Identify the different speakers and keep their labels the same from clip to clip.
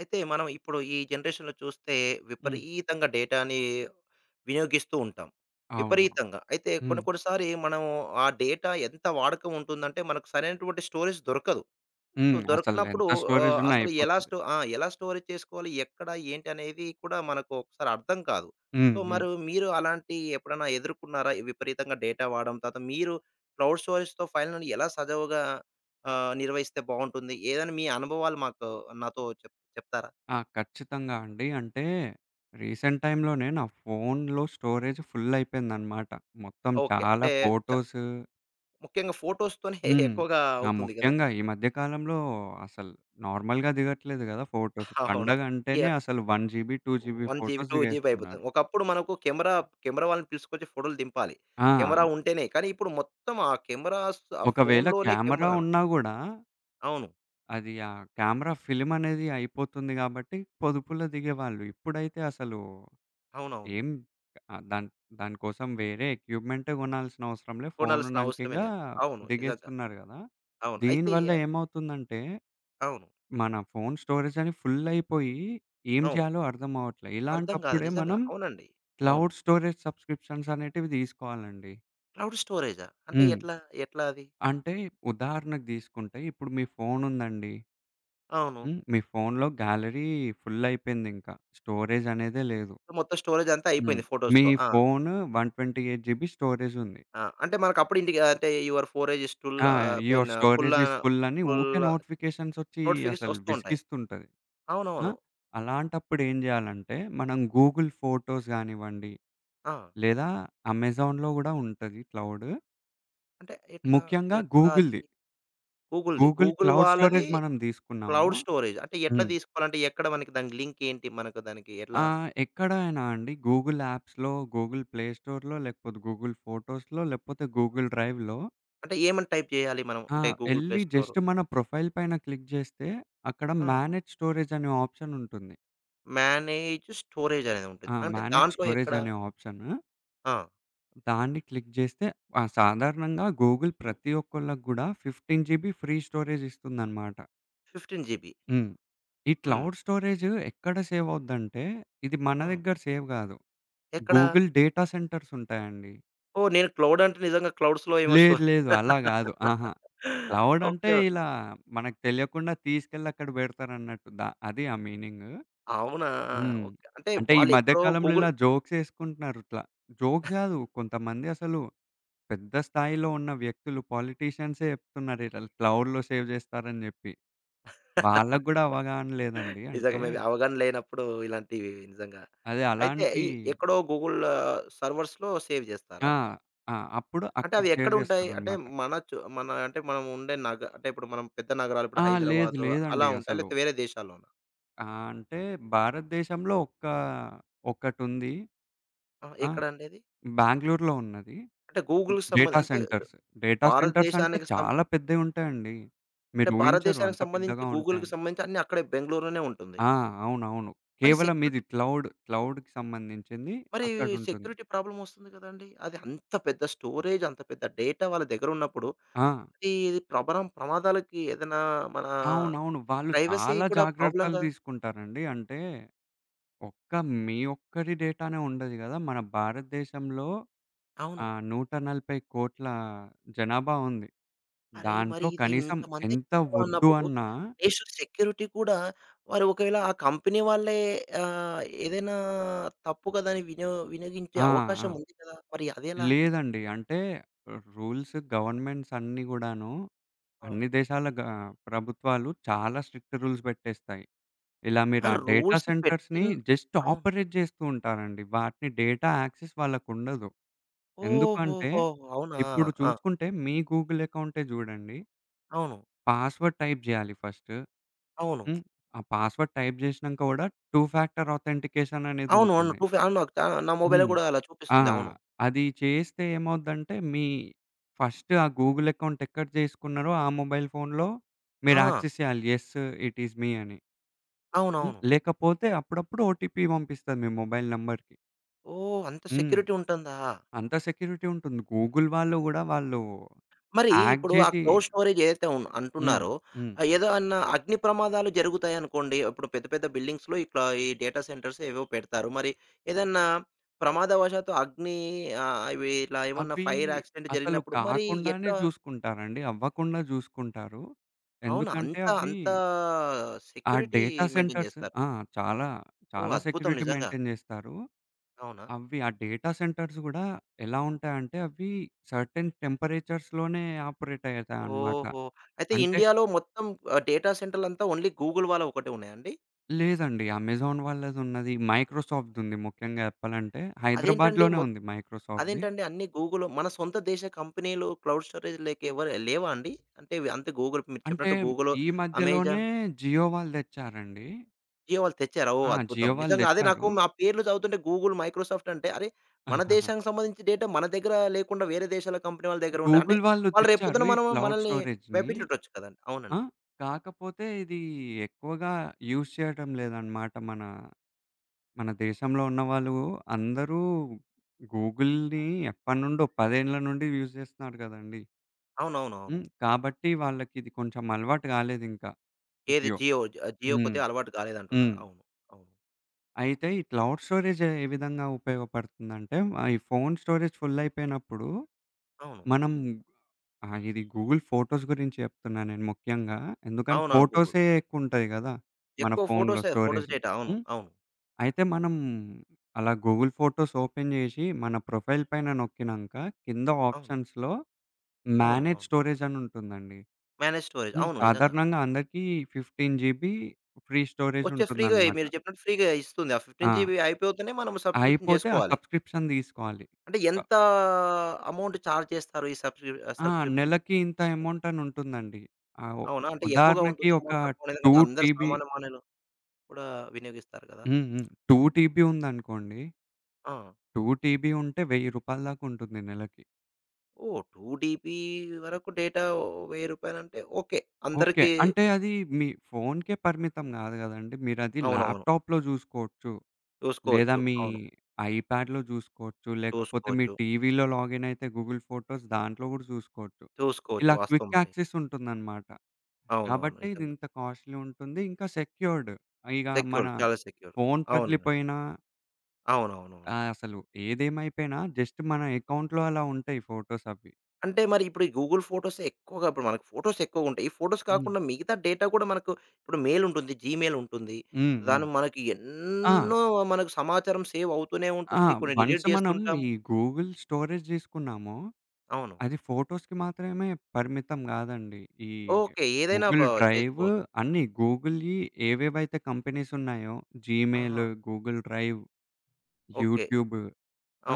Speaker 1: అయితే మనం ఇప్పుడు ఈ జనరేషన్‌లో చూస్తే,
Speaker 2: హ్మ్.
Speaker 1: విపరీతంగా డేటాని వినియోగిస్తూ ఉంటాం.
Speaker 2: అవును.
Speaker 1: విపరీతంగా. అయితే
Speaker 2: హ్మ్.
Speaker 1: కొన్ని కొన్నిసారి మనం ఆ డేటా ఎంత వాడకం ఉంటుందంటే, మనకు సరైనటువంటి స్టోరేజ్ దొరకదు. సో
Speaker 2: హ్మ్. అసలు
Speaker 1: దొరికనప్పుడు
Speaker 2: ఎంత స్టోరేజ్
Speaker 1: ఆహ్,
Speaker 2: ఉన్నా
Speaker 1: అసలు ఎలా
Speaker 2: అయిపోతది.
Speaker 1: స్టో ఆ! ఎలా స్టోరేజ్ చేసుకోవాలి? ఎక్కడ ఏంటనేది కూడా మనకు ఒకసారి అర్థం కాదు.
Speaker 2: హ్మ్.
Speaker 1: సో
Speaker 2: హ్మ్.
Speaker 1: మరు మీరు అలాంటి ఎప్పుడన్నా ఎదుర్కున్నారా? విపరీతంగా డేటా వాడం, తర్వాత మీరు క్లౌడ్ స్టోరేజ్‌తో ఫైనలని ఎలా సజీవంగా? ఆహ్, నిర్వహిస్తే బావుంటుంది. ఏదన్నా మీ అనుభవాలు మాతో నాతో చెప్ చెప్తారా?
Speaker 2: ఆ! ఖచ్చితంగా అండి. అంటే, రీసెంట్ టైమ్‌లోనే నా ఫోను‌లో స్టోరేజ్ ఫుల్లయిపోయిందనమాట. మొత్తం
Speaker 1: ఓకే.
Speaker 2: చాలా
Speaker 1: అంటే చ
Speaker 2: ఫోటోసు.
Speaker 1: ముఖ్యంగా ఫోటోస్‌తోనే
Speaker 2: హ్మ్.
Speaker 1: ఎక్కువగా
Speaker 2: ఆ!
Speaker 1: అవుతుంది గదా!
Speaker 2: ముఖ్యంగా ఈ మధ్య కాలంలో అసల నార్మల్‌గా దిగట్లేదు గదా! ఫోటోస్.
Speaker 1: అవును.
Speaker 2: పండగ అంటేనే
Speaker 1: యాహ్!
Speaker 2: అసలు 1 GB 2 GB
Speaker 1: 1 GB,
Speaker 2: photos
Speaker 1: 2 GB
Speaker 2: దిగేస్తున్నారు.
Speaker 1: అయిపోతుంది. ఒకప్పుడు మనకు కెమెరా కెమెరా వాళ్నని తీసుకొచ్చి, ఫోటోలు దింపాలి. కెమెరా
Speaker 2: ఆ!
Speaker 1: ఉంటేనే కానీ, ఇప్పుడు మొత్తం ఆ కెమెరాస్ త ఆ
Speaker 2: ఒకవేళ
Speaker 1: ఫోను‌లోనే
Speaker 2: కెమెరా
Speaker 1: కెమెరాను.
Speaker 2: ఉన్నా గూడా...
Speaker 1: అవును.
Speaker 2: అది ఆ క్యామెరా ఫిల్మ్ అనేది అయిపోతుంది గాబట్టి, పొదుపులో దిగేవాళ్ళు. ఇప్పుడైతే అసలు
Speaker 1: అవునవును.
Speaker 2: ఎమ్ ఆ దాన్ దానికోసం వేరే ఎక్విప్‌మెంటే గొనాల్సిన అవసరంలే ఫోను
Speaker 1: కొనాల్సిన అవసరమే
Speaker 2: ఉన్నాంకింగా
Speaker 1: లేదు. అవును. నిజంగా.
Speaker 2: దిగేస్తున్నారు గదా!
Speaker 1: అవును. అయితే
Speaker 2: దీనివల్ల ఏమవుతుందంటే,
Speaker 1: అవును.
Speaker 2: మన ఫోను స్టోరేజ్ అది ఫుల్లయిపోయి, ఏం
Speaker 1: అవును.
Speaker 2: జేయాలో అర్థమవట్లే.
Speaker 1: అర్థం గాదు.
Speaker 2: ఇలాంటప్పుడే
Speaker 1: నిజంగా.
Speaker 2: మనం
Speaker 1: అవునండి. అవును.
Speaker 2: క్లౌడ్ స్టోరేజ్ సబ్సిక్రిప్షన్ అనేటివి దీసుకోవాలండి.
Speaker 1: క్లౌడ్ స్టోరేజా? అంటే
Speaker 2: హ్మ్.
Speaker 1: ఎట్లా, ఎట్లా అది?
Speaker 2: అంటే ఉదాహరణకు దీసుకుంటే ఇప్పుడు మీ ఫోనుందండి
Speaker 1: అవును.
Speaker 2: హ్మ్. మీ ఫో‌ను‌లో గ్యాలరీ ఫుల్లయిపోయిందింకా. స్టోరేజనేదే లేదు.
Speaker 1: మొత్తం స్టోరేజంతా
Speaker 2: హ్మ్.
Speaker 1: అయిపోయింది
Speaker 2: మీ
Speaker 1: ఫోటోస్‌తో. ఆ!
Speaker 2: ఫోను 128 జీబీ స్టోరేజుంది.
Speaker 1: ఆ! అంటే మనకప్పుడు ఇండిక అంటే యువర్ ఫోరేజ్ స్టుల్
Speaker 2: ఆ!
Speaker 1: ఆహ్,
Speaker 2: యువర్
Speaker 1: బీన్ ఆహ్,
Speaker 2: స్టోరేజ్
Speaker 1: పుల్లా
Speaker 2: ఇస్ ఫుల్లని ఉకే
Speaker 1: ఫుల్లా
Speaker 2: నోటిఫికేషన్స్‌సోచ్చి
Speaker 1: నోటిఫికేషన్
Speaker 2: అసలు
Speaker 1: ఒస్తూ ఉంటాయి.
Speaker 2: విసిగిస్తుంటది. ఆ!
Speaker 1: అవునవును.
Speaker 2: అలాంటప్పుడు ఏం జేయాలంటే మనం గూగుల్ ఫోటోస్ గానివ్వండి,
Speaker 1: ఆ!
Speaker 2: లేదా అమెజాన్‌లో కూడా ఉంటది క్లౌడు.
Speaker 1: అంటే ఎట్లా.
Speaker 2: ముఖ్యంగా గూగుల్‌ది.
Speaker 1: ఎట్లాది? గూగుల్‌ది.
Speaker 2: గూగుల్
Speaker 1: గూగుల్
Speaker 2: క్లౌడ్
Speaker 1: వాళ్ళాది.
Speaker 2: స్టోరేజ్ మనం దీసుకున్నాము.
Speaker 1: Cloud storage. అంటే ఎట్లా
Speaker 2: హ్మ్.
Speaker 1: దీసుకోవాలంటే ఎక్కడ మనకి దానికి లింకేంటి మనకు దానికి ఎట్లా?
Speaker 2: ఆ! ఎక్కడైనా అండి, గూగుల్ యాప్స్‌లో, గూగుల్ ప్లే స్టోర్‌లో లేకపోతే గూగుల్ ఫోటోస్‌లో లేకపోతే గూగుల్ డ్రైవ్‌లో
Speaker 1: అంటే ఏమని టైప్ చేయాలి మనం
Speaker 2: ఆ!
Speaker 1: అంటే గూగుల్ ప్లే
Speaker 2: ఎళ్లి
Speaker 1: స్టోరు?
Speaker 2: జస్టు మన ప్రొఫైల్ పైన క్లిక్ జేస్తే అక్కడ
Speaker 1: ఆ!
Speaker 2: మేనేజ్ స్టోరేజని ఆప్షనుంటుంది.
Speaker 1: మేనేజ్ స్టోరేజనేది ఉంటది.
Speaker 2: ఆ!
Speaker 1: అంటే
Speaker 2: మేనేజ్
Speaker 1: దాంట్లో ఎక్కడ?
Speaker 2: స్టోరేజనే ఆప్షను.
Speaker 1: ఆ!
Speaker 2: దాన్ని క్లిక్ చేస్తే ఆహ్, సాధారణంగా గూగుల్ ప్రతి ఒక్కోళ్ళకు గూడా 15 జీబీ ఫ్రీ స్టోరేజ్ ఇస్తుందనమాట.
Speaker 1: 15 జీబీ.
Speaker 2: హ్మ్. ఈ
Speaker 1: హ్మ్.
Speaker 2: క్లౌడ్ స్టోరేజ్ ఎక్కడ సేవ్ అవుద్దంటే, ఇది మన
Speaker 1: ఆ!
Speaker 2: దగ్గర సేవ్ గాదు.
Speaker 1: ఎక్కడ?
Speaker 2: గూగుల్ డేటా సెంటర్స్ ఉంటాయాండి.
Speaker 1: ఓహ్! నేను క్లౌడ్ అంటే నిజంగా క్లౌడ్స్‌లో ఏమో స్టో
Speaker 2: లేదు. లేదు. అలా గాదు. అహా! క్లౌడ్ అంటే
Speaker 1: ఓకే.
Speaker 2: ఇలా మనకు తెలియకుండా తీసుకెళ్ళి అక్కడ బెడతారన్నట్టు దా అది ఆ మీనింగ్.
Speaker 1: అవునా!
Speaker 2: హ్మ్.
Speaker 1: ఓకే. అంటే
Speaker 2: అంటే, ఈ
Speaker 1: వాళ్ళు
Speaker 2: మధ్య
Speaker 1: ఎక్కడో
Speaker 2: కాలంలో
Speaker 1: గూగుల్
Speaker 2: ఇలా జోక్స్ ఏసుకుంటున్నారు ఇట్లా. జోక్స్ గాదు. కొంతమంది అసలు పెద్ద స్థాయిలో ఉన్న వ్యక్తులు పొలిటీషియన్సే చెప్తున్నారు, ఇలా క్లౌడ్‌లో సేవ్ జేస్తారని జెప్పి. వాళ్ళకి గూడా అవగాహన లేదండి.
Speaker 1: నిజంగా
Speaker 2: అంటే
Speaker 1: మేబీ అవగాహన లేనప్పుడు ఇలాంటివి నిజంగా.
Speaker 2: అదే
Speaker 1: అయితే,
Speaker 2: అలాంటి
Speaker 1: ఈ ఎక్కడో గూగుల్ సర్వర్స్‌లో సేవ్
Speaker 2: ఆ!
Speaker 1: జేస్తారా?
Speaker 2: ఆ! అప్పుడు
Speaker 1: అంటే,
Speaker 2: అక్కడ
Speaker 1: అవి
Speaker 2: సేవ్
Speaker 1: ఎక్కడుంటాయి? అంటే,
Speaker 2: జేస్తారనమాట.
Speaker 1: మన చు మన అంటే మనం ఉండే నగ అంటే, ఇప్పుడు మనం పెద్ద నగరాలు ,ఇప్పుడు
Speaker 2: ఆ! లేదు.
Speaker 1: హైదరాబాదు, అలా
Speaker 2: లేదండి
Speaker 1: ఉంటాయా?
Speaker 2: అసలు.
Speaker 1: లేతే వేరే దేశాల్లోనా?
Speaker 2: ఆ! అంటే, భారతదేశంలో ఒక్క ఒకటుంది.
Speaker 1: ఆ!
Speaker 2: ఆ!
Speaker 1: ఎక్కడండది?
Speaker 2: బెంగుళూరులో ఉన్నది
Speaker 1: అంటే, గూగుల్‌కి సంబంధ
Speaker 2: డేటా
Speaker 1: అంటే,
Speaker 2: సెంటర్స్. డేటా సెంటర్స్ అంటే
Speaker 1: భారతదేశానికి సం
Speaker 2: చాలా పెద్దగుంటాయండి.
Speaker 1: అంటే,
Speaker 2: మీరు ఊహించరు,
Speaker 1: భారతదేశానికి
Speaker 2: అంత
Speaker 1: సంబంధించి,
Speaker 2: పెద్దగా
Speaker 1: గూగుల్‌కి
Speaker 2: ఉంటాయని.
Speaker 1: సంబంధించి అన్నీ అక్కడే బెంగుళూరులోనే ఉంటుంది.
Speaker 2: ఆ! అవునవును.
Speaker 1: మరి
Speaker 2: కేవలం ఇది
Speaker 1: సెక్యూరిటీ...
Speaker 2: క్లౌడ్, క్లౌడ్‌కి సంబంధించింది
Speaker 1: మరి
Speaker 2: అక్కడుంటుంది.
Speaker 1: సెక్యూరిటీ ప్రాబ్లమ్ వస్తుంది కదండి! అది అంత పెద్ద స్టోరేజ్ అంత పెద్ద డేటా వాళ్ళ దగ్గర ఉన్నప్పుడు,
Speaker 2: ఆ!
Speaker 1: అది ప్రభరం ప్రమాదాలకి ఏదైనా మనా
Speaker 2: అవునవును. వాళ్ళు
Speaker 1: ప్రైవసీ
Speaker 2: చాలా
Speaker 1: కూడా
Speaker 2: జాగ్రత్తలు
Speaker 1: ప్రాబ్లమ్‌గా
Speaker 2: తీసుకుంటారండి. అంటే, ఒక్క మీ ఒక్కరి డేటానే ఉండదు గదా! మన భారతదేశంలో, ఆ!
Speaker 1: అవును.
Speaker 2: 1400000000 జనాభా ఉంది.
Speaker 1: అరే! మరి
Speaker 2: దాంట్లో
Speaker 1: ఇది
Speaker 2: కనీసం
Speaker 1: ఇంతమంది
Speaker 2: ఎంత
Speaker 1: జనాభా
Speaker 2: ఒద్దు
Speaker 1: ఉన్నప్పుడు,
Speaker 2: అన్నా
Speaker 1: నేషనల్ సెక్యూరిటీ కూడా మరి ఒకవేళ ఆ కంపెనీ వాళ్ళే ఆహ్, ఏదైనా తప్పు కథని వినో వినియోగించే
Speaker 2: ఆ! ఆ!
Speaker 1: అవకాశం ఉంది కదా! మరి అదెలా?
Speaker 2: లేదండి. అంటే, రూల్స్ గవర్నమెంట్స్ అన్నీ గూడాను
Speaker 1: ఆ!
Speaker 2: అన్ని దేశాల గ ప్రభుత్వాలు చాలా స్ట్రిక్ట్ రూల్స్ బెట్టేస్తాయి. ఇలా
Speaker 1: ఆ!
Speaker 2: మీరా డేటా
Speaker 1: రూల్స్
Speaker 2: సెంటర్స్‌ని
Speaker 1: పెట్టిన్
Speaker 2: జస్ట్
Speaker 1: అవును.
Speaker 2: ఆపరేట్ జేస్తూ ఉంటారండి. వాటి డేటా యాక్సెస్ వాళ్ళకుండదు. ఎందుకంటే,
Speaker 1: ఓహోహోహో! అవునా!
Speaker 2: ఇప్పుడు
Speaker 1: ఆ!
Speaker 2: చూసుకుంటే మీ గూగుల్ అకౌంటే జూడండి
Speaker 1: అవును.
Speaker 2: పాస్వర్డ్ టైప్ జేయాలి ఫస్ట్.
Speaker 1: అవును.
Speaker 2: హ్మ్. ఆ పాస్వర్డ్ టైప్ జేసినా కూడా 2 ఫ్యాక్టర్ ఆథెంటికేషన్
Speaker 1: అవును. అవును.
Speaker 2: అనేదుంటుంది.
Speaker 1: టూ ఫ్యా అనొచ్చా నా మొబైల్‌లో
Speaker 2: హ్మ్.
Speaker 1: కూడా అలా
Speaker 2: ఆ!
Speaker 1: చూపిస్తుంది. అవును.
Speaker 2: అది చేస్తే ఏమవుద్దంటే మీ ఫస్ట్ ఆ గూగుల్ అకౌంట్ ఎక్కడ జేసుకున్నారో ఆ మొబైల్ ఫోన్లో మీరు
Speaker 1: ఆ!
Speaker 2: యాక్సెస్ చేయాలి యెస్, ఇట్ ఈజ్ మీ అని. హ్మ్.
Speaker 1: అవునవును.
Speaker 2: లేకపోతే అప్పుడప్పుడు ఓటీపీ పంపిస్తది మీ మొబైల్ నంబర్‌కి.
Speaker 1: ఓహ్! అంత
Speaker 2: హ్మ్.
Speaker 1: సెక్యూరిటీ ఉంటుందా?
Speaker 2: అంత సెక్యూరిటీ ఉంటుంది. గూగుల్ వాళ్ళు కూడా వాళ్ళు
Speaker 1: మరి
Speaker 2: హాక్
Speaker 1: ఇప్పుడు ఆ
Speaker 2: జేసీ
Speaker 1: క్లౌడ్ స్టోరేజేదైతే ఉన్
Speaker 2: హ్మ్.
Speaker 1: అంటున్నారో,
Speaker 2: హ్మ్.
Speaker 1: ఆహ్, ఏదో అన్నా అగ్నిప్రమాదాలు జరుగుతాయనుకోండి, ఇప్పుడు పెద్ద పెద్ద బిల్డింగ్స్‌లో ఇట్లా ఈ డేటా సెంటర్సేవో పెడతారు. మరి ఏదన్నా ప్రమాదవసాత్తు అగ్ని ఆహ్, ఇవి ఇలా ఏమన్నా
Speaker 2: అవి
Speaker 1: ఫైర్ యాక్సిడెంట్
Speaker 2: అసలు
Speaker 1: జరిగినప్పుడు మరి
Speaker 2: కాకుండానే
Speaker 1: ఎట్లా?
Speaker 2: చూసుకుంటారండి. అవ్వకుండా చూసుకుంటారు.
Speaker 1: అవునా!
Speaker 2: ఎందుకంటే,
Speaker 1: అంతా,
Speaker 2: అవ్వి
Speaker 1: అంతా
Speaker 2: ఆ
Speaker 1: సెక్యూరిటీ
Speaker 2: డేటా
Speaker 1: మెయింటైన్
Speaker 2: సెంటర్స్
Speaker 1: చేస్తారు.
Speaker 2: ఆ! చాలా,
Speaker 1: ఓహ్!
Speaker 2: చాలా
Speaker 1: అద్భుతం
Speaker 2: సెక్యూరిటీ
Speaker 1: నిజంగా!
Speaker 2: మెయింటైన్ జేస్తారు.
Speaker 1: అవునా!
Speaker 2: అవ్వి ఆ డేటా సెంటర్స్ కూడా ఎలా ఉంటాయంటే అవి సర్టెన్ టెంపరేచర్స్‌లోనే ఆపరేటయితాయనమాట.
Speaker 1: ఓహో! అయితే
Speaker 2: అంటే
Speaker 1: ఇండియాలో మొత్తం ఆహ్ డేటా సెంటర్లంతా ఓన్లీ గూగుల్ వాళ్ళవొకటే ఉన్నాయా అండి?
Speaker 2: లేదండి. అమెజాన్ వాళ్ళదున్నది, మైక్రోసాఫ్డ్‌దుంది. ముఖ్యంగా చెప్పాలంటే
Speaker 1: అదేంటండి?
Speaker 2: హైదరాబాద్‌లోనే
Speaker 1: మొత్
Speaker 2: ఉంది మైక్రోసాఫ్ట్‌ది.
Speaker 1: అదేంటండి? అన్ని గూగులు మన సొంత దేశ కంపెనీలు క్లౌడ్ స్టోరేజ్ లేక ఎవరు లేవా అండి? అంటే అంతే గూగుల్ మీరు
Speaker 2: అంటే
Speaker 1: చెప్పినట్టు గూగులో?
Speaker 2: ఈ మధ్యలోనే
Speaker 1: అమెజాన్?
Speaker 2: జియో వాళ్ళు దెచ్చారండి.
Speaker 1: జియో వాళ్ళు తెచ్చారా? ఓహ్!
Speaker 2: ఆ!
Speaker 1: అద్భుతం!
Speaker 2: జియో వాళ్ళు
Speaker 1: నిజంగా అదే
Speaker 2: దెచ్చారు.
Speaker 1: నాకు ఆ పేర్లు చదువుతుంటే గూగుల్, మైక్రోసాఫ్ట్ అంటే అరే! మన దేశానికి సంబంధించి డేటా మన దగ్గర లేకుండా వేరే దేశాల కంపెనీ వాళ్ళ దగ్గర ఉండ అంటే
Speaker 2: గూగుల్ వాళ్ళు
Speaker 1: వాళ్ళు రేపు
Speaker 2: తెచ్చారు
Speaker 1: పొద్దున
Speaker 2: ఈ
Speaker 1: మనం
Speaker 2: క్లౌడ్
Speaker 1: మనల్ని
Speaker 2: స్టోరేజ్‌ని,
Speaker 1: భయపించుండొచ్చు కదండి!
Speaker 2: ఆ!
Speaker 1: అవునండి.
Speaker 2: కాకపోతే ఇది ఎక్కువగా యూజ్ జేయటం లేదనమాట. మనా, మన దేశంలో ఉన్నవాళ్ళు అందరూ గూగుల్‌ని ఎప్పటి నుండో 10 ఏండ్ల నుండి యూజ్ చేస్తున్నారు కదండీ! హ్మ్.
Speaker 1: అవునవునవును.
Speaker 2: కాబట్టి వాళ్ళకిది కొంచెం అలవాటు కాలేదింకా,
Speaker 1: ఏది
Speaker 2: జియో.
Speaker 1: జియో? జ జియో
Speaker 2: హ్మ్.
Speaker 1: కొద్దిగా అలవాటు కాలేదంటున్నారు.
Speaker 2: హ్మ్.
Speaker 1: అవును. అవును.
Speaker 2: అయితే ఈ క్లౌడ్ స్టోరేజే ఏ విధంగా ఉపయోగపడుతుందంటే, ఆ ఈ ఫోను స్టోరేజ్ ఫుల్లయిపోయినప్పుడు,
Speaker 1: అవును.
Speaker 2: మనం ఆ! ఇది గూగుల్ ఫోటోస్ గురించి చెప్తున్నా, నేను ముఖ్యంగా. ఎందుకంటే
Speaker 1: అవునవును. గూగుల్.
Speaker 2: ఫోటోసే యెక్కువుంటాయి గదా! మన
Speaker 1: ఎక్కువ
Speaker 2: ఫోనులో
Speaker 1: ఫోటోసే ఫోటోస్
Speaker 2: స్టోరెజు
Speaker 1: డేట. అవును.
Speaker 2: హ్మ్.
Speaker 1: అవును.
Speaker 2: అయితే మనం అలా గూగుల్ ఫోటోస్ ఓపెన్ జేసి, మన ప్రొఫైల్ పైన నోక్కినంక కింద
Speaker 1: అవును.
Speaker 2: ఆప్షన్స్‌లో మ్యానేజ్
Speaker 1: అవునా?
Speaker 2: స్టోరేజని ఉంటుందండి.
Speaker 1: Manage storage.
Speaker 2: హ్మ్.
Speaker 1: అవును. నిజంగా.
Speaker 2: సాధారణంగా అందరికి, 15 జీబీ ఫ్రీ
Speaker 1: వచ్చే ఫ్రీగయి,
Speaker 2: స్టోరేజూంటుందనమాట.
Speaker 1: మీరు జేప్పినట్టు ఫ్రీగా ఇస్తుంది. ఆ
Speaker 2: ఆ!
Speaker 1: జీబీ అయిపోతనే మనం సబ్స్క్రిప్షన్
Speaker 2: అయిపోతే ఆ
Speaker 1: జేసుకోవాలి.
Speaker 2: సబ్స్క్రిప్షన్ దీసుకోవాలి.
Speaker 1: అంటే
Speaker 2: స
Speaker 1: ఎంతా అమౌంట్ చార్జ్ జేస్తారు. ఈ సబ్
Speaker 2: ఆ!
Speaker 1: సబ్స్క్రిప్ష
Speaker 2: నెలకి ఇంత
Speaker 1: సబ్స్క్రిప్షన్‌కి?
Speaker 2: అమౌంటనుంటుందండి. ఆ ఓ
Speaker 1: అవునా! అంటే ఎక్కువగా
Speaker 2: ఉదాహరణకి
Speaker 1: ఉంటుందా
Speaker 2: ఒక
Speaker 1: అమౌంట్? తక్కువ లేదా?
Speaker 2: 2
Speaker 1: ఎందుకంటే అందరూ
Speaker 2: టిబి
Speaker 1: సామాన్య మనవులు కూడా వినియోగిస్తారు కదా!
Speaker 2: హ్మ్. హ్మ్. 2 టీబీ ఉందనుకోండి.
Speaker 1: ఆ!
Speaker 2: 2 టీబీ ఉంటే రూ. 1000 దాకుంటుంది నెలకి.
Speaker 1: ఓహ్! 2 టీబీ వరకు డేటా రూ. 1000 రూపాయలంటే ఓకే.
Speaker 2: ఓకే.
Speaker 1: అందరికీ
Speaker 2: అంటే అది మీ ఫోనుకే పరిమితం గాదు గదండి! మీరది
Speaker 1: అవునవును.
Speaker 2: ల్యాప్‌టాప్‌లో జూసుకోవచ్చు. లేదా
Speaker 1: చూసుకోవచ్చు.
Speaker 2: మీ
Speaker 1: అవును.
Speaker 2: ఐ ప్యాడ్ జూసుకోవచ్చు. లేకపోతే మీ
Speaker 1: చూసుకోవచ్చు.
Speaker 2: టీవీలో లాగినయితే గూగుల్ ఫోటోస్ దాంట్లో గూడా జూసుకోవచ్చు.
Speaker 1: చూసుకోవచ్చు.
Speaker 2: ఇలా
Speaker 1: వాస్తవం
Speaker 2: క్విక్
Speaker 1: అండి.
Speaker 2: యాక్సెసుంటుందనమాట.
Speaker 1: అవునవును.
Speaker 2: కాబట్టి,
Speaker 1: నిజంగా.
Speaker 2: ఇదింత కాస్ట్‌లి ఉంటుంది. ఇంకా సెక్యూర్డ్. ఇగ మన,
Speaker 1: సెక్యూర్. చాలా సెక్యూర్.
Speaker 2: ఫోను
Speaker 1: అవును.
Speaker 2: పగిలిపోయినా ఆ!
Speaker 1: అవునవునవును.
Speaker 2: అసలు ఏదేమైపోయినా జస్ట్ మన ఎకౌంట్‌లో అలా ఉంటాయి ఫోటోస్ అవి.
Speaker 1: అంటే మరి ఇప్పుడు గూగుల్ ఫోటోస్ ఎక్కువగా ఇప్పుడు మనకి ఫోటోస్ ఎక్కువ ఉంటాయి. ఈ ఫోటోస్
Speaker 2: హ్మ్.
Speaker 1: కాకుండా మిగతా డేటా కూడా మనకు ఇప్పుడు మెయిల్ ఉంటుంది. జీమెయిల్ ఉంటుంది.
Speaker 2: హ్మ్. హ్మ్.
Speaker 1: దాన్ని మనకి
Speaker 2: ఆ!
Speaker 1: ఎన్నో మనకు సమాచారం సేవ్ అవుతూనే
Speaker 2: ఆ!
Speaker 1: ఉంటుంది కొన్ని డీలిట్
Speaker 2: వన్సు మనం
Speaker 1: జేస్తుంటాము.
Speaker 2: ఈ గూగుల్ స్టోరేజ్ తీసుకున్నాము.
Speaker 1: అవును.
Speaker 2: అది ఫోటోస్‌కి మాత్రమే పరిమితం గాదండి. ఈ
Speaker 1: ఓకే. ఏదైనా బ
Speaker 2: గూగుల్ డ్రైవు
Speaker 1: చేసుకోవచ్చు.
Speaker 2: గూగుల్‌వి అన్న ఈ ఏవేవైతే కంపెనీస్ ఉన్నాయో జీమెయిలు
Speaker 1: ఆహా!
Speaker 2: Google drive.
Speaker 1: ఓకే.
Speaker 2: యూట్యూబు.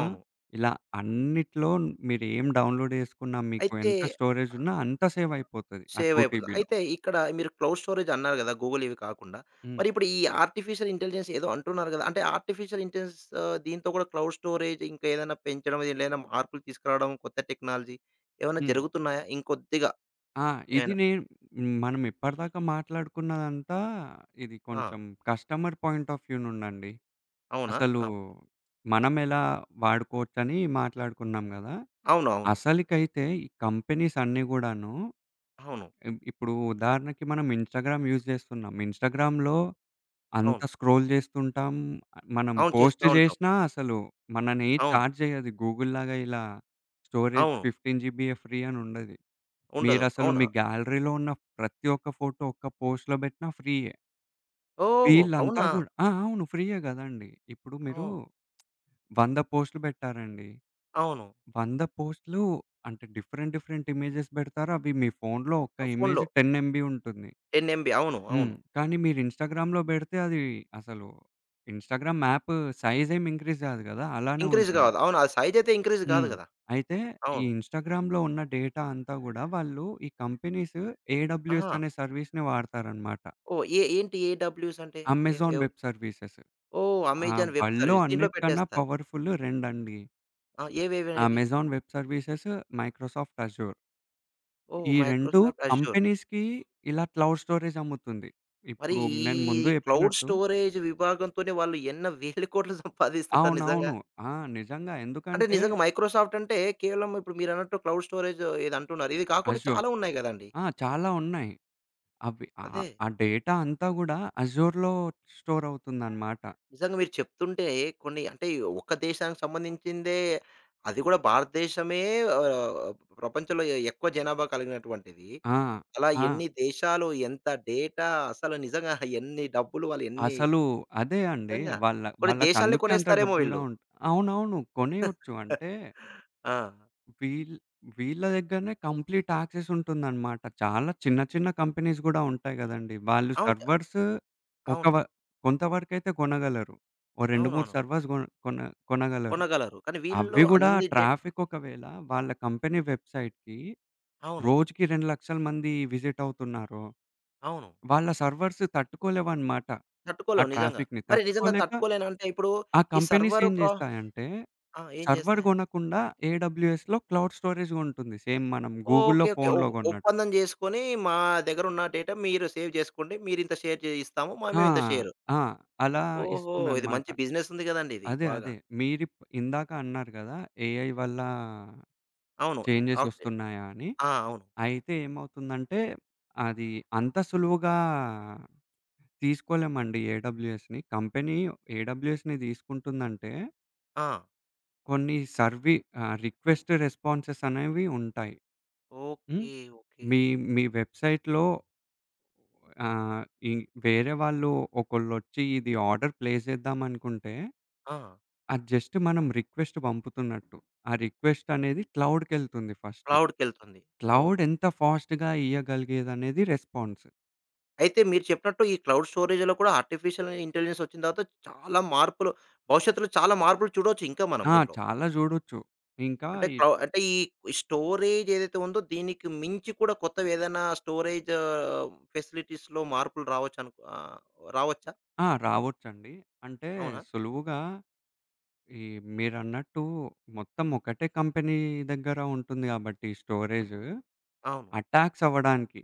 Speaker 2: ఆ! ఇలా అన్నిట్లో మీరు ఏం డౌన్‌లోడ్ చేసుకున్నా మీకు
Speaker 1: అయితే,
Speaker 2: ఎంత స్టోరేజ్
Speaker 1: ఆహ్
Speaker 2: ఉన్నా అంత సేవయిపోతది ఆ 2
Speaker 1: సేవయిపోతుంది.
Speaker 2: టీబీలో
Speaker 1: అయితే ఇక్కడ మీరు క్లౌడ్ స్టోరేజ్ అన్నారు కదా! గూగుల్ ఇవి కాకుండా.
Speaker 2: హ్మ్.
Speaker 1: మరి ఇప్పుడు ఈ ఆర్టిఫిషియల్ ఇంటెలిజెన్స్ ఏదో అంటున్నారు కదా! అంటే ఆర్టిఫిషియల్ ఇంటెలిజెన్స్ ఆహ్, దీంతో కూడా క్లౌడ్ స్టోరేజ్ ఇంకా ఏదైనా పెంచడం దీంట్లో ఏదైనా మార్పులు తీసుకురావడం, కొత్త టెక్నాలజీ ఏమన్నా
Speaker 2: హ్మ్.
Speaker 1: జరుగుతున్నాయా? ఇంకొద్దిగా?
Speaker 2: ఆ! ఇది
Speaker 1: ఏవన్నా?
Speaker 2: నేను మనం ఇప్పటిదాకా మాట్లాడుకున్నదంతా ఇది
Speaker 1: ఆ!
Speaker 2: కొంచెం కస్టమర్ పాయింట్ ఆఫ్ వ్యూ నుండండి.
Speaker 1: అవునా!
Speaker 2: అసలు,
Speaker 1: అవును.
Speaker 2: మనం ఎలా వాడుకోవచ్చని మాట్లాడుకున్నాం గదా!
Speaker 1: అవునవును.
Speaker 2: అసలకైతే ఈ కంపెనీస్ అన్నీ గూడాను.
Speaker 1: అవును.
Speaker 2: ఇ ఇప్పుడు ఉదాహరణకి మనం ఇన్‌స్టాగ్రామ్ యూజ్ జేస్తున్నాం. ఇన్‌స్టాగ్రామ్‌లో అంత
Speaker 1: అవును.
Speaker 2: స్క్రోల్ చేస్తుంటాం. మనం
Speaker 1: అవును చేస్తా
Speaker 2: పోస్టు
Speaker 1: ఉంటాం.
Speaker 2: జేసినా అసలు మనని
Speaker 1: అవును.
Speaker 2: చార్జ్ చేయదు గూగుల్‌‌లాగా ఇలా. స్టోరేజ్
Speaker 1: అవును.
Speaker 2: 15 ఫ్రీ అని ఉండది.
Speaker 1: ఉండదు.
Speaker 2: మీరసలు
Speaker 1: అవునా!
Speaker 2: మీ గ్యాలరీలో ఉన్న ప్రతి ఒక్క ఫోటో ఒక్క పోస్ట్‌లో పెట్టినా ఫ్రీయే.
Speaker 1: ఓహ్!
Speaker 2: వీళ్ళంతా
Speaker 1: అవునా!
Speaker 2: గూడా ఆ! అవును ఫ్రీయే గదండీ. ఇప్పుడు మీరు,
Speaker 1: ఓహ్!
Speaker 2: 100 పోస్టులు పెట్టారండి.
Speaker 1: అవును.
Speaker 2: 100 పోస్టులు అంటే డిఫరెంట్ డిఫరెంట్ ఇమేజెస్ పెడతారు. అవి మీ ఫోనులో ఒక్క
Speaker 1: ఆ! ఫోను‌లో.
Speaker 2: ఇమేజ్ 10 ఎంబీ ఉంటుంది.
Speaker 1: 10 ఎంబీ అవును.
Speaker 2: హ్మ్.
Speaker 1: అవును.
Speaker 2: కానీ మీరు ఇన్‌స్టాగ్రామ్‌లో పెడితే అది అసలు ఇన్‌స్టాగ్రామ్‌ యాప్ సైజ్ ఏం ఇంక్రీజ్ గాదు కదా! అలానే
Speaker 1: ఇంక్రీజ్
Speaker 2: ఉంటుంది.
Speaker 1: కాదు. అవును. అది సైజయితే ఇంక్రీజ్ కాదు
Speaker 2: హ్మ్.
Speaker 1: కదా!
Speaker 2: అయితే ఈ
Speaker 1: అవును.
Speaker 2: ఇన్‌స్టాగ్రామ్‌లో ఉన్న డేటా అంతా గూడా వాళ్ళు ఈ కంపెనీస్ ఏడబల్యూఎస్
Speaker 1: ఆహా!
Speaker 2: అనే సర్వీస్‌ని వాడతారనమాట.
Speaker 1: ఓహ్! ఏ ఏంటి ఏడబల్యూసంటే? ఏ
Speaker 2: అమెజాన్
Speaker 1: ఎవ్
Speaker 2: వెబ్ సర్వీసెస్.
Speaker 1: ఓహ్!
Speaker 2: ఆ!
Speaker 1: అమెజాన్ వెబ్
Speaker 2: వల్డ్‌లో
Speaker 1: సర్వీస్ దీంట్లో
Speaker 2: అన్నిటికన్న
Speaker 1: పెట్టేస్తారు.
Speaker 2: పవర్‌ఫుల్లు రెండండి.
Speaker 1: ఆ! ఏవేవనేవి?
Speaker 2: Amazon web services, Microsoft Azure.
Speaker 1: ఓహ్!
Speaker 2: ఈ
Speaker 1: మైక్రో
Speaker 2: 2
Speaker 1: సాఫ్ట్ అష్యూరు.
Speaker 2: కంపెనీస్‌కి ఇలా క్లౌడ్ స్టోరేజ్ అమ్ముతుంది.
Speaker 1: మరి
Speaker 2: ఇప్పుడు
Speaker 1: ఈ
Speaker 2: నేను ముందు
Speaker 1: క్లౌడ్
Speaker 2: జెప్పినట్టు
Speaker 1: స్టోరేజ్ విభాగంతోనే వాళ్ళు ఎన్న వేల కోట్లు సంపాదిస్తుంటారు నిజంగా?
Speaker 2: అవునవును. ఆ! నిజంగా
Speaker 1: అంటే
Speaker 2: ఎందుకంటే
Speaker 1: నిజంగా మైక్రోసాఫ్టంటే కేవలం ఇప్పుడు మీరన్నట్టు క్లౌడ్ స్టోరేజ్ ఏది అంటున్నారు. ఇది కాకుండా
Speaker 2: అష్యూర్.
Speaker 1: చాలా ఉన్నాయి గదండీ!
Speaker 2: ఆ! చాలా ఉన్నాయి. అవి ఆహ్,
Speaker 1: అదే.
Speaker 2: ఆ డేటా అంతాడా అష్యూర్‌లో స్టోరవుతుందనమాట.
Speaker 1: నిజంగా మీరు చెప్తుంటే కొన్ని, అంటే ఒక్క దేశానికి సంబంధించిందే. అది కూడా భారతదేశమే ఆహ్, ప్రపంచంలో ఎక్కువ జనాభా కలిగినటువంటిది.
Speaker 2: ఆ!
Speaker 1: అలా
Speaker 2: ఆ!
Speaker 1: ఎన్ని దేశాలు? ఎంత డేటా? అసలు నిజంగా ఎన్ని డబ్బులు వాళ్ళు ఎన్ని
Speaker 2: అసలు అదే అండి.
Speaker 1: నిధంగా.
Speaker 2: వాళ్ళ
Speaker 1: కొన్ని దేశాల్నే
Speaker 2: వాళ్ళకందుకే అంత
Speaker 1: కొనేస్తారేమో
Speaker 2: డబ్బులుగా
Speaker 1: వీళ్ళు.
Speaker 2: ఉం అవునవును. కొనేయొచ్చు. అంటే
Speaker 1: ఆ!
Speaker 2: వీల్ వీళ్ళ దగ్గరనే కంప్లీట్ యాక్సెస్ ఉంటుందనమాట. చాలా చిన్న చిన్న కంపెనీస్ గూడా ఉంటాయి గదండీ. వాళ్ళు
Speaker 1: అవును. త
Speaker 2: సర్వర్స్ ఒక
Speaker 1: అవును.
Speaker 2: వ కొంతవరకైతే కొనగలరు. ఓ 2, 3
Speaker 1: అవునవును.
Speaker 2: సర్వర్స్ గొన్ కొన కొనగలరు.
Speaker 1: కొనగలరు. కానీ వీళ్ళు
Speaker 2: అవ్వి కూడా
Speaker 1: అన్ని డేట్
Speaker 2: ట్రాఫిక్ ఒకవేళ వాళ్ళ కంపెనీ వెబ్సైట్‌కి
Speaker 1: అవును.
Speaker 2: రోజుకి 200000 మంది విజిట్ అవుతున్నారు.
Speaker 1: అవును.
Speaker 2: వాళ్ళ సర్వర్స్ తట్టుకోలేవనమాట ఆ
Speaker 1: తట్టుకోలేవు. నిజంగా.
Speaker 2: ట్రాఫిక్‌ని.
Speaker 1: మరి నిజంగా
Speaker 2: తట్టుకోలేక
Speaker 1: తట్టుకోలేనంటే ఇప్పుడు
Speaker 2: ఆ
Speaker 1: ఈ
Speaker 2: కంపెనీస్
Speaker 1: సర్వర్
Speaker 2: ఏం
Speaker 1: ప్రా
Speaker 2: జేస్తాయంటే,
Speaker 1: ఆ! ఏం
Speaker 2: సర్వర్
Speaker 1: జేస్తాయి?
Speaker 2: కొనకుండా ఏడబ్ల్యూఎస్‌‌లో క్లౌడ్ స్టోరేజ్‌ గొంటుంది. సేమ్ మనం గూగుల్‌లో
Speaker 1: ఓకే. ఓకే. ఒ
Speaker 2: ఫోనులో గొన్నట్టు.
Speaker 1: ఒప్పందం జేసుకొని మా దగ్గర ఉన్న డేటా మీరు సేవ్ జేసుకోండి మీరు ఇంత షేర్ చే ఇస్తాము మా
Speaker 2: ఆ!
Speaker 1: మేమింత షేరు.
Speaker 2: ఆ! అలా
Speaker 1: ఓహో! ఇది
Speaker 2: ఇస్తుందనమాట.
Speaker 1: మంచి బిజినెస్ ఉంది గదండీ! ఇది.
Speaker 2: అదే.
Speaker 1: బాగా.
Speaker 2: అదే. మీరిప్ ఇందాక అన్నారు గదా! ఏఐ వల్లా
Speaker 1: అవును. అవ్
Speaker 2: చేంజెసొస్తున్నాయా అని?
Speaker 1: ఆ! అవును.
Speaker 2: అయితే ఏమవుతుందంటే, అది అంత సులువుగా తీసుకోలేమండి. ఏడబ్ల్యూఎస్‌ని. కంపెనీ ఏడబ్ల్యూఎస్‌ని తీసుకుంటుందంటే
Speaker 1: ఆ!
Speaker 2: కొన్ని సర్విీ, ఆహ్ రిక్వెస్ట్ రెస్పాన్సెస్ అనేవి ఉంటాయి. హ్మ్.
Speaker 1: ఓకే. ఓకే.
Speaker 2: మీ మీ, వెబ్సైట్లో ఆ! ఇ వేరే వాళ్ళు ఒకళ్ళొచ్చి, ఇది ఆర్డర్ ప్లే చేద్దామనుకుంటే
Speaker 1: ఆ!
Speaker 2: అది జస్ట్ మనం రిక్వెస్ట్ పంపుతున్నట్టు. ఆ రిక్వెస్ట్ అనేది క్లౌడ్‌కెల్తుంది ఫస్ట్.
Speaker 1: క్లౌడ్‌కెల్తుంది.
Speaker 2: Cloud
Speaker 1: okay.
Speaker 2: ఎంత ఫాస్ట్‌గా ఇయగలిగేదనేది రెస్పాన్స్.
Speaker 1: అయితే మీరు చెప్పినట్టు ఈ క్లౌడ్ స్టోరేజ్‌లో కూడా ఆర్టిఫిషియల్ ఇంటెలిజెన్స్ వచ్చిన తర్వాత చాలా మార్పులు, భవిష్యత్తులో చాలా మార్పులు చూడొచ్చు ఇంకా మనం
Speaker 2: ఆ!
Speaker 1: దీంట్లో.
Speaker 2: చాలా చూడొచ్చు. ఇంకా
Speaker 1: అంటే
Speaker 2: ఇ
Speaker 1: క అంటే ఈ స్టోరేజ్ ఏదైతే ఉందో దీనికి మించి కూడా కొత్తది ఏదైనా స్టోరేజ్ ఫెసిలిటీస్‌లో మార్పులు రావచ్చనుకో ఆహ్, రావచ్చా?
Speaker 2: ఆ! రావచ్చండి. అంటే
Speaker 1: అవునా?
Speaker 2: సులువుగా, ఈ మీరన్నట్టు, మొత్తం ఒకటే కంపెనీ దగ్గర ఉంటుంది కాబట్టి స్టోరేజు.
Speaker 1: అవును.
Speaker 2: అటాక్స్ అవ్వడానికి.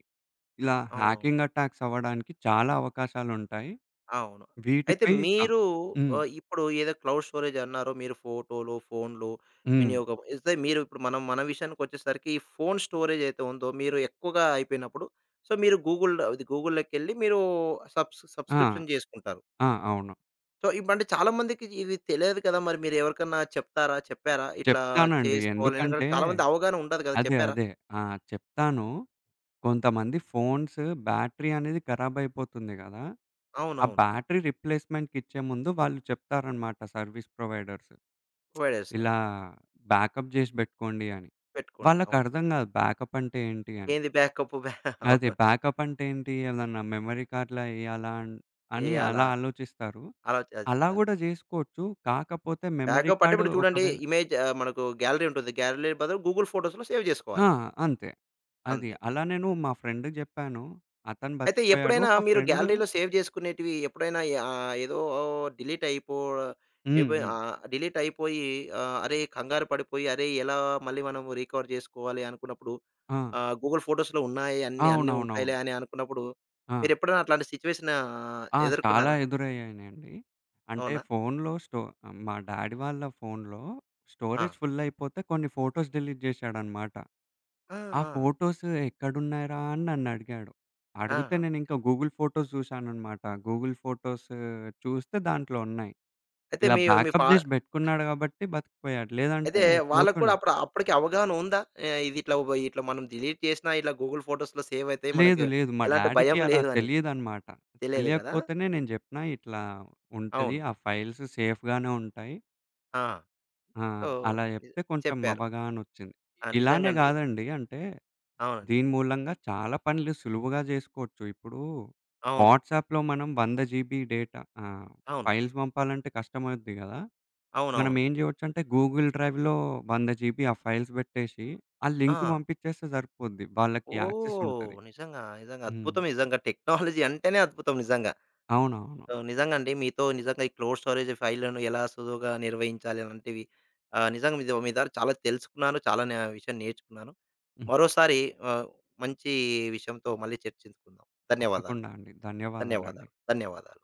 Speaker 2: ఇలా,
Speaker 1: అవునవును.
Speaker 2: హ్యాకింగ్ అటాక్స్ అవ్వడానికి చాలా అవకాశాలుంటాయి.
Speaker 1: అవును. అయితే
Speaker 2: వీటిపై క
Speaker 1: మీరు
Speaker 2: హ్మ్.
Speaker 1: ఆహ్, ఇప్పుడు ఏదై క్లౌడ్ స్టోరేజ్ అన్నారో మీరు ఫోటోలో, ఫోన్లో
Speaker 2: హ్మ్.
Speaker 1: వినియోగం ఏతే మీరు ఇప్పుడు మనం మన విషయానికి వచ్చేసరికి ఈ ఫోన్ స్టోరేజ్ అయతే ఉందో మీరు ఎక్కువగా అయిపోయినప్పుడు సో, మీరు గూగుల్ ఇది గూగుల్లోకిెళ్ళి మీరు సబ్స్
Speaker 2: ఆ!
Speaker 1: సబ్స్క్రిప్షన్ చేసుకుంటారు.
Speaker 2: ఆ! అవును.
Speaker 1: సో, ఇప్ అంటే, చాలామందికి ఇవి తెలిదు కదా! మరి మీరెవరికన్నా చెప్తారా? చెప్పారా? ఇట్లా
Speaker 2: చెప్తానండి.
Speaker 1: చేసుకోవాలైన కానీ,
Speaker 2: ఎందుకంటే
Speaker 1: చాలామంది అవగాహనుండదు కదా!
Speaker 2: అదే,
Speaker 1: చెప్పారా?
Speaker 2: అదే. ఆ! చెప్తాను. కొంతమంది ఫోన్స్ బ్యాటరీ అనేది ఖరాబయిపోతుంది కదా! ఆ
Speaker 1: అవునవును.
Speaker 2: బ్యాటరీ రిప్లేస్మెంట్‌కిచ్చే ముందు వాళ్ళు చెప్తారనమాట, సర్వీస్ ప్రొవైడర్స్.
Speaker 1: ప్రొవైడర్స్.
Speaker 2: ఇలా బ్యాకప్ జేసి బెట్టుకోండి అని.
Speaker 1: పెట్టుకోండి.
Speaker 2: వాళ్ళకి
Speaker 1: అవును.
Speaker 2: అర్థం కాదు. బ్యాకపంటే, ఏంటి అని.
Speaker 1: ఏంది బ్యాకప్పు? బ్యా
Speaker 2: అదే,
Speaker 1: అవును.
Speaker 2: బ్యాకపంటే ఏంటి? ఏదన్నా మెమరీ కార్డ్‌లా ఎయ్యాలాన్ అని
Speaker 1: ఇయాలా?
Speaker 2: అలా ఆలోచిస్తారు. అలా
Speaker 1: అలోచచిస్తారు.
Speaker 2: కూడా జేసుకోవచ్చు. కాకపోతే, మెమరీ
Speaker 1: బ్యాకప్పంటే,
Speaker 2: కార్డూ
Speaker 1: ఇప్పుడు చూడండి,
Speaker 2: ఒకవేళ
Speaker 1: ఇమేజా ఆహ్, మనకు గ్యాలరీ ఉంటుది. గ్యాలరీ బదులు, గూగుల్ ఫోటోస్‌లో సేవ్
Speaker 2: ఆ!
Speaker 1: చేసుకోవాలి.
Speaker 2: అంతే. అది.
Speaker 1: అంతే.
Speaker 2: అలా నేను మా ఫ్రెండ్‌కి జెప్పాను. అతను
Speaker 1: అయితే,
Speaker 2: బతికపోయాడు.
Speaker 1: ఎప్పుడైనా
Speaker 2: ఒక
Speaker 1: మీరు
Speaker 2: ఫ్రెండు
Speaker 1: గ్యాలరీలో సేవ్ చేసుకునేటివి ఎప్పుడైనా ఆహ్, ఏదో డిలీటయిపో
Speaker 2: హ్మ్.
Speaker 1: ఏపోయా
Speaker 2: హ్మ్.
Speaker 1: ఆహ్, డిలీటయిపోయి ఆహ్, అరే! కంగారు పడిపోయి, అరే! ఎలా మళ్ళీ మనం రికవర్ చేసుకోవాలి అనుకున్నప్పుడు,
Speaker 2: ఆ!
Speaker 1: ఆహ్, గూగుల్ ఫోటోస్‌లో ఉన్నాయన్ని అన్నీ
Speaker 2: అవునవునవును.
Speaker 1: ఉంటాయిలే అని అనుకున్నప్పుడు,
Speaker 2: ఆ!
Speaker 1: మీరెప్పుడైనా అట్లాంటి సిచ్యువేషనా
Speaker 2: ఆ! చాలా
Speaker 1: ఎదుర్కున్నారా?
Speaker 2: ఎదురయ్యినండి. అంటే,
Speaker 1: అవునా?
Speaker 2: ఫోనులో స్టో మా డ్యాడీ వాళ్ళ ఫోనులో,
Speaker 1: ఆ!
Speaker 2: స్టోరేజ్ ఫులయిపోతే, కొన్ని ఫోటోస్ డిలీట్ జేశాడనమాట.
Speaker 1: ఆ!
Speaker 2: ఆ
Speaker 1: ఆ!
Speaker 2: ఫోటోస్ ఎక్కడునైరాని నన్ను అడిగాడు. అడిగితే
Speaker 1: ఆహా!
Speaker 2: నేనింకా గూగుల్ ఫోటోస్ జూసాననమాట. గూగుల్ ఫోటోస్ చూస్తే దాంట్లో ఉన్నాయి.
Speaker 1: అయితే,
Speaker 2: ఇలా
Speaker 1: మీరు మీ ఫా
Speaker 2: బ్యాకప్ జేసి బెట్టుకున్నాడు కాబట్టి బతికపోయాడు.
Speaker 1: అయితే,
Speaker 2: లేదంటే,
Speaker 1: వాళ్ళకి కూడా
Speaker 2: పోతుండే.
Speaker 1: అప్పుడా అప్పటికి అవగాహన ఉందా? ఆహ్, ఇదిట్లావ్వబోయి ఇట్లా మనం డిలీట్ చేసినా ఇట్లా గూగుల్ ఫోటోస్‌లో సేవయితాయి.
Speaker 2: లేదు,
Speaker 1: మనకు
Speaker 2: లేదు. మా
Speaker 1: ఎలాంటి
Speaker 2: డ్యాడీకి
Speaker 1: భయం
Speaker 2: అలా
Speaker 1: లేదని.
Speaker 2: తెలీదనమాట.
Speaker 1: తెలియదు కదా!
Speaker 2: తెలియకపోతేనే నేను జెప్పినా, ఇట్లా ఉంటది.
Speaker 1: అవును.
Speaker 2: ఆ ఫైల్స్ సేఫ్‌గానే ఉంటాయి.
Speaker 1: ఆ!
Speaker 2: ఆ!
Speaker 1: సో,
Speaker 2: అలా చెప్తే కొంచెం
Speaker 1: చెప్పారు.
Speaker 2: అవగాహనొచ్చింది.
Speaker 1: ఆ!
Speaker 2: ఇలానే
Speaker 1: నిజంగాండి.
Speaker 2: కాదండి అంటే,
Speaker 1: అవునండి.
Speaker 2: దీని మూలంగా చాలా పనులు సులువుగా జేసుకోవచ్చు. ఇప్పుడు,
Speaker 1: అవును.
Speaker 2: వాట్సాప్‌లో మనం 100 జీబీ డేటా ఆహ్,
Speaker 1: అవును.
Speaker 2: ఫైల్స్ పంపాలంటే కష్టమవుద్ది కదా! మనం
Speaker 1: అవునవును.
Speaker 2: ఏం జేయోచ్చంటే, గూగుల్ డ్రైవ్‌లో 100 జీబీ ఆ ఫైల్స్ పెట్టేసి, ఆ లింక్
Speaker 1: ఆ!
Speaker 2: పంపించేస్తే సరిపోద్ది. వాళ్ళకి
Speaker 1: ఓహ్!
Speaker 2: యాక్సెసుంటది.
Speaker 1: నిజంగా, నిజంగా.
Speaker 2: హ్మ్.
Speaker 1: అద్భుతం నిజంగా, టెక్నాలజీ అంటేనే, అద్భుతం నిజంగా.
Speaker 2: అవునవును.
Speaker 1: సో, నిజంగండి మీతో నిజంగా ఈ క్లోడ్ స్టోరేజ్ ఫైల్లను, ఎలా సులువుగా నిర్వహించాలి అలాంటివి, ఆహ్, నిజంగా మీ దో మీ దగ్గర చాలా తెలుసుకున్నాను. చాలాన విషయం నేర్చుకున్నాను.
Speaker 2: హ్మ్.
Speaker 1: మరోసారి ఆహ్, మంచి విషయంతో మళ్ళీ చర్చించుకుందాం. ధన్యవాదాలు.
Speaker 2: తప్పకుండా అండి. ధన్యవాదాలండి.
Speaker 1: ధన్యవాదాలు. ధన్యవాదాలు.